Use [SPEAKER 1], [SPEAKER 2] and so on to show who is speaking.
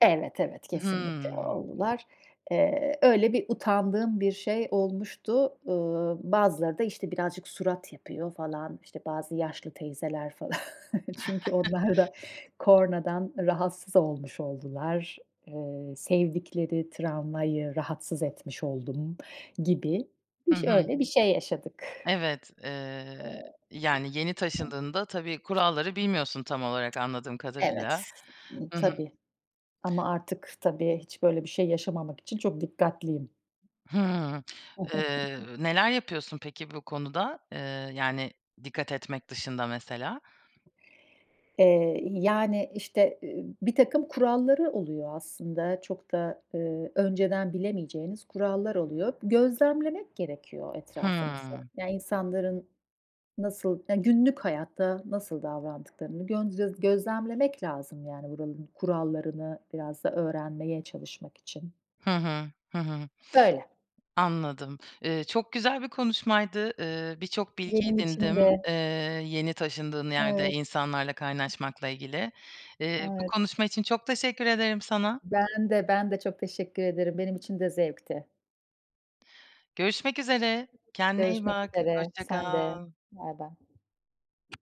[SPEAKER 1] Evet, evet, kesinlikle
[SPEAKER 2] Hımm.
[SPEAKER 1] oldular. Eee, öyle bir utandığım bir şey olmuştu. Eee, bazıları da işte, birazcık surat yapıyor falan. İşte, bazı yaşlı teyzeler falan. Çünkü onlar da, kornadan rahatsız olmuş oldular. Eee, sevdikleri tramvayı, rahatsız etmiş oldum gibi.
[SPEAKER 2] Hı
[SPEAKER 1] İş
[SPEAKER 2] hı.
[SPEAKER 1] öyle bir şey yaşadık.
[SPEAKER 2] Evet, eee,
[SPEAKER 1] Eee.
[SPEAKER 2] yani yeni taşındığında, tabii,
[SPEAKER 1] [unintelligible]
[SPEAKER 2] kuralları bilmiyorsun tam olarak anladığım
[SPEAKER 1] Evet,
[SPEAKER 2] kadarıyla.
[SPEAKER 1] ııı,
[SPEAKER 2] Hı hı.
[SPEAKER 1] tabii. Ama artık tabii, hiç böyle bir şey yaşamamak için, çok dikkatliyim.
[SPEAKER 2] Hımm, eee, neler yapıyorsun peki bu konuda? Eee, yani dikkat etmek dışında mesela.
[SPEAKER 1] Eee, y yani işte, eee, birtakım kuralları oluyor aslında. Çok da, eee, önceden bilemeyeceğiniz kurallar oluyor. Gözlemlemek gerekiyor etrafımızı.
[SPEAKER 2] Hıı.
[SPEAKER 1] Yani insanların nasıl ya günlük hayatta nasıl davrandıklarını gön göz gözlemlemek lazım, yani buranın kurallarını biraz da öğrenmeye çalışmak için.
[SPEAKER 2] Hı hı, hı hı.
[SPEAKER 1] Böyle.
[SPEAKER 2] Anladım. Eee, çok güzel bir konuşmaydı. Eee, bir çok bilgi
[SPEAKER 1] Benim için
[SPEAKER 2] edindim,
[SPEAKER 1] de.
[SPEAKER 2] eee, yeni taşındığın yerde
[SPEAKER 1] Evet.
[SPEAKER 2] insanlarla kaynaşmakla ilgili. Eee, bu
[SPEAKER 1] Evet.
[SPEAKER 2] konuşma için çok teşekkür ederim sana.
[SPEAKER 1] Ben de, ben de çok teşekkür ederim. Benim için de zevkti.
[SPEAKER 2] Görüşmek üzere. Kendine iyi
[SPEAKER 1] Görüşmek
[SPEAKER 2] bak.
[SPEAKER 1] üzere.
[SPEAKER 2] Hoşça
[SPEAKER 1] Sen de.
[SPEAKER 2] kal.
[SPEAKER 1] Bay bay.